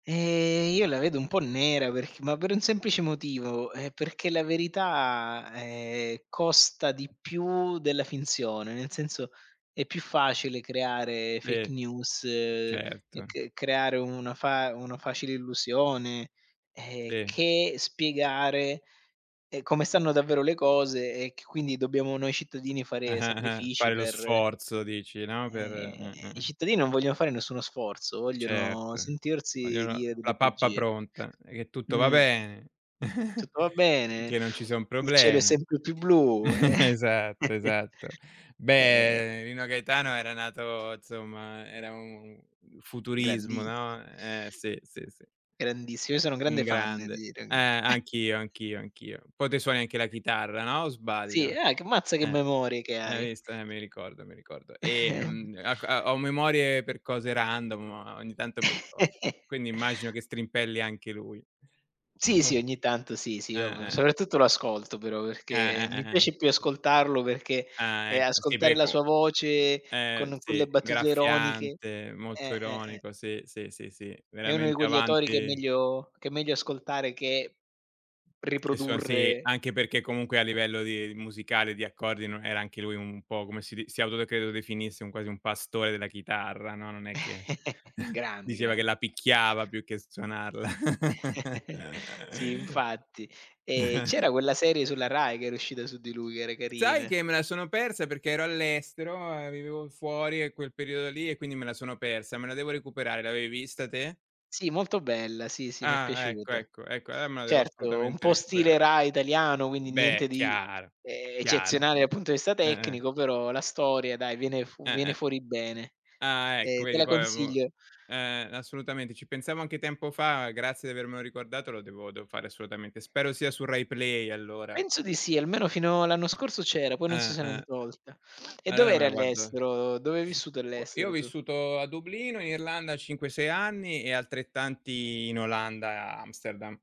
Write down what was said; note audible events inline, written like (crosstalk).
Ehm, io la vedo un po' nera, perc ma per un semplice motivo, ehm, perché la verità, ehm, costa di più della finzione, nel senso è più facile creare fake Sì, news, certo. c creare una fa una facile illusione, ehm, Sì. che spiegare, ehm, e come stanno davvero le cose e che quindi dobbiamo noi cittadini Ah, fare ah, ah. sacrifici Fare lo per sforzo dici, no, per Ehm, eh, eh, i eh. cittadini non vogliono fare nessuno sforzo, vogliono Certo. sentirsi Vogliono dire delle la pappa bugie. pronta e che tutto va Mh. bene, (chuckles) Tutto va bene, finché non ci son il cielo è problemi. sempre più blu. Ehm (chuckles) Esatto, (chuckles) esatto. ehm Beh, Nino Gaetano era nato insomma era un futurismo, Grandiss no, ehm, sì, sì, sì. Grandissimo. Io sono un un grande fan grande. di. Eh! (unintelligible) Anch'io, anch'io, anch'io. Poi te suoni anche la chitarra, no, o Sì, sbaglio? ah, c mazza che Eh. memorie che Hai hai! visto? Eh, mi ricordo, mi ricordo. (chuckles) Ehm, acc a ho memorie per cose random, ma ogni tanto mi ricordo. (chuckles) Quindi immagino che strimpelli anche lui. Sì, sì, (chuckles) ogni tanto sì, sì, io Eh-eh. soprattutto lo ascolto però Eh, perché eh, mi eh, eh. piace più ascoltarlo perché, Ah ehm, ecco, si ascoltare perché la comu sua voce ehm, con quelle sì, battute ironiche. graffiante, molto Eh, eh, eh. ironico, sì, sì, sì, sì, È uno di veramente quegli autori che è avanti meglio che è meglio ascoltare che Che suon sì, riprodurre. anche perché comunque a livello di musicale, di accordi, no era anche lui un po' come si di si auto de credo definisse un quasi un pastore della chitarra, no, non è che (chuckles) (giggles) Grande, diceva che grande. la picchiava più che suonarla. (chuckles) Sì infatti. Ehm, (chuckles) c'era quella serie sulla RAI che era uscita su di lui che era Sai carina. che me la sono persa perché ero all'estero, ehm, vivevo fuori a quel periodo lì e quindi me la sono persa, me la devo recuperare, l'avevi vista te? Sì molto bella, sì, sì, mi è Ah, ecco, piaciuta. ecco, ecco, allora me la devo Certo, un assolutamente po' stile recuperare. Rai italiano, quindi niente Beh, di, chiara, ehm, chiara. eccezionale dal punto di vista Eh-eh. tecnico, però la storia dai viene fuo viene Eh-eh. fuori bene. Ah ecco! Ehm, te Vedi la poi av uhm. consiglio. Eh-eh. Assolutamente, ci pensavo anche tempo fa, grazie di avermelo riguardato, lo devo devo fare assolutamente, spero sia su Rai Play allora. Penso di sì, almeno fino all'anno scorso c'era, poi non so se l'han Eh-eh. tolta. E Allora me dov'eri la guardo all'estero? Dove hai vissuto io ho all'estero tu? vissuto a Dublino in Irlanda 5-6 anni e altrettanti in Olanda, Amsterdam.